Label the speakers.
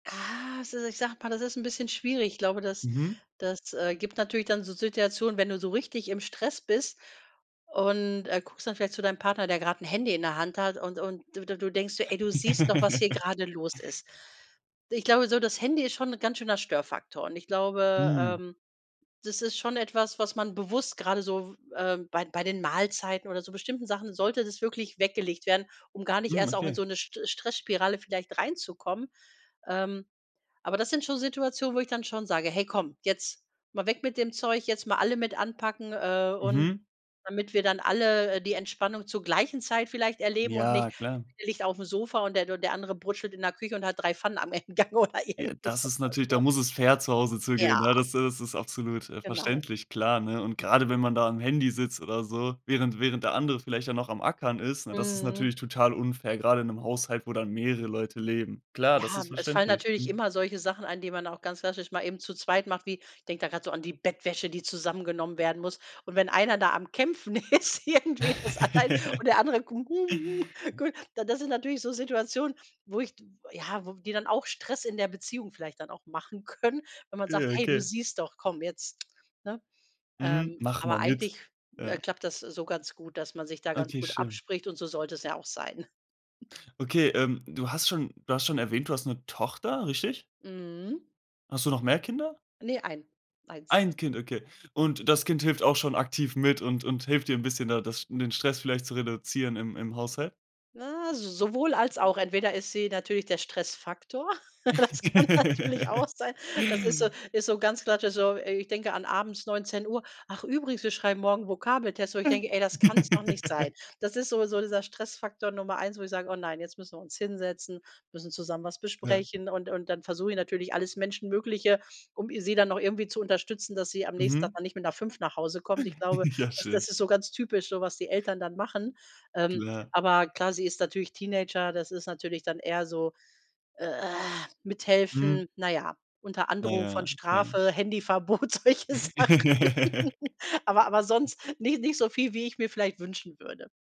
Speaker 1: Ah, se ich sage mal, das ist 'n bisschen schwierig. Ich glaube, das
Speaker 2: Mhm.
Speaker 1: das, äh, gibt natürlich dann so Situationen, wenn du so richtig im Stress bist und, äh, guckst dann vielleicht zu deinem Partner, der grad 'n Handy in der Hand hat und und du du du denkst so: „Ey, du siehst doch, was hier gerade los ist.“ Ich glaube so, das Handy ist schon 'n ganz schöner Störfaktor und ich glaube,
Speaker 2: Mhm.
Speaker 1: ähm, das ist schon etwas, was man bewusst grade so, w ähm, bei d bei den Mahlzeiten oder so bestimmten Sachen sollte das wirklich weggelegt werden, um gar nicht
Speaker 2: Mhm,
Speaker 1: erst auch in
Speaker 2: okay.
Speaker 1: so 'ne Stre Stressspirale vielleicht reinzukommen. Ähm, aber das sind schon Situationen, wo ich dann schon sage: „Hey, komm, jetzt mal weg mit dem Zeug, jetzt mal alle mit anpacken, äh, und“
Speaker 2: Mhm.
Speaker 1: damit wir dann alle, äh, die Entspannung zur gleichen Zeit vielleicht erleben und nicht,
Speaker 2: Ja,
Speaker 1: der
Speaker 2: klar.
Speaker 1: eine liegt auf'm Sofa und der und der andere brutschelt in der Küche und hat 3 Pfannen am [unintelligible] oder
Speaker 2: Ja,
Speaker 1: irgendwie
Speaker 2: das
Speaker 1: so
Speaker 2: ist
Speaker 1: was,
Speaker 2: natürlich da
Speaker 1: ne?
Speaker 2: muss es fair zu Hause zugehen,
Speaker 1: Ja.
Speaker 2: ja, das das ist absolut, äh,
Speaker 1: Genau
Speaker 2: verständlich, klar, ne? Und grade, wenn man da am Handy sitzt oder so, während während der andere vielleicht ja noch am Ackern ist, ne, das ist natürlich
Speaker 1: Mhm.
Speaker 2: total unfair, grade in 'nem Haushalt, wo dann mehrere Leute leben. Klar, das
Speaker 1: Ja,
Speaker 2: ist
Speaker 1: es fallen
Speaker 2: verständlich,
Speaker 1: natürlich
Speaker 2: mhm.
Speaker 1: immer solche Sachen an, die man auch ganz klassisch mal eben zu zweit macht, wie ich denke da gerade so an die Bettwäsche, die zusammengenommen werden muss. Und wenn einer da am Kämpfen ist irgendwie, das allein, und der andere, gui das sind natürlich so Situationen, wo ich d ja, wo die dann auch Stress in der Beziehung vielleicht dann auch machen können, wenn man sagt:
Speaker 2: Ja,
Speaker 1: „Hey, du
Speaker 2: okay.
Speaker 1: siehst doch komm jetzt“, ne?
Speaker 2: Mhm,
Speaker 1: Ähm,
Speaker 2: mach mal
Speaker 1: aber
Speaker 2: mit,
Speaker 1: eigentlich, äh,
Speaker 2: ja.
Speaker 1: klappt das so ganz gut, dass man sich da ganz
Speaker 2: Okay,
Speaker 1: gut
Speaker 2: schön.
Speaker 1: abspricht und so sollte es ja auch sein.
Speaker 2: Okay, ähm, du hast schon du hast schon erwähnt, du hast 'ne Tochter, richtig?
Speaker 1: Mhm.
Speaker 2: Hast du noch mehr Kinder?
Speaker 1: Ne, ein, 1.
Speaker 2: Ein Kind, okay. Und das Kind hilft auch schon aktiv mit und und hilft dir 'n bisschen, da das sch den Stress vielleicht zu reduzieren im im Haushalt?
Speaker 1: Na, s sowohl als auch. Entweder ist sie natürlich der Stressfaktor, das kann natürlich auch sein. Das ist so ist so ganz klassisch, so, äh, ich denke an abends 19:00: „Ach übrigens, wir schreiben morgen Vokabeltest.“ Wo ich denke: „Ey, das kann's noch nicht sein.“ Das ist so so dieser Stressfaktor Nummer 1, wo ich sage: „Oh nein, jetzt müssen wir uns hinsetzen, müssen zusammen was
Speaker 2: Ja.
Speaker 1: besprechen.“ Und und dann versuche ich natürlich alles Menschenmögliche, um i sie dann auch irgendwie zu unterstützen, dass sie am nächsten Tag
Speaker 2: Mhm.
Speaker 1: dann nicht mit 5 nach Hause kommt. Ich glaube,
Speaker 2: Ja,
Speaker 1: das
Speaker 2: schön.
Speaker 1: das ist so ganz typisch so, was die Eltern dann machen. Ähm,
Speaker 2: Klar.
Speaker 1: aber klar, sie ist natürlich Teenager, das ist natürlich dann eher so
Speaker 2: Mhm.
Speaker 1: mithelfen, na ja, unter
Speaker 2: Na
Speaker 1: Androhung
Speaker 2: ja,
Speaker 1: von
Speaker 2: okay
Speaker 1: Strafe, Handyverbot, solche Sachen. Aber aber sonst nicht nicht so viel, wie ich mir vielleicht wünschen würde.